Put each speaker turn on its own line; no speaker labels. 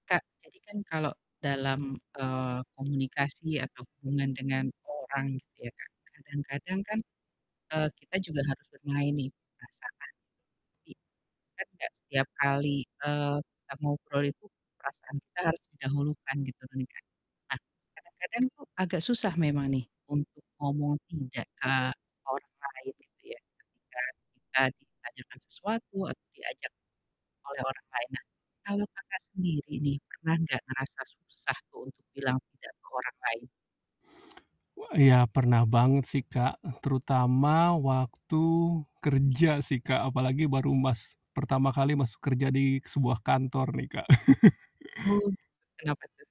Kak, jadi kan kalau dalam, eee, komunikasi atau hubungan dengan orang gitu ya, Kak, kadang-kadang kan, eee, kita juga harus bermain nih di perasaan, tapi kan gak setiap kali, eee, kita ngobrol itu perasaan kita harus didahulukan gitu kan, Kak. Nah kadang-kadang tuh agak susah memang nih untuk ngomong tidak ke orang lain, gitu ya, ketika kita ditanyakan sesuatu atau diajak oleh orang lain. Nah kalau Kakak sendiri nih pernah gak ngerasa susah tuh untuk bilang tidak ke orang lain?
Wa iya pernah banget sih, Kak, terutama waktu kerja sih, Kak, apalagi baru mas pertama kali masuk kerja di sebuah kantor nih, Kak.
Oh, kenapa tuh?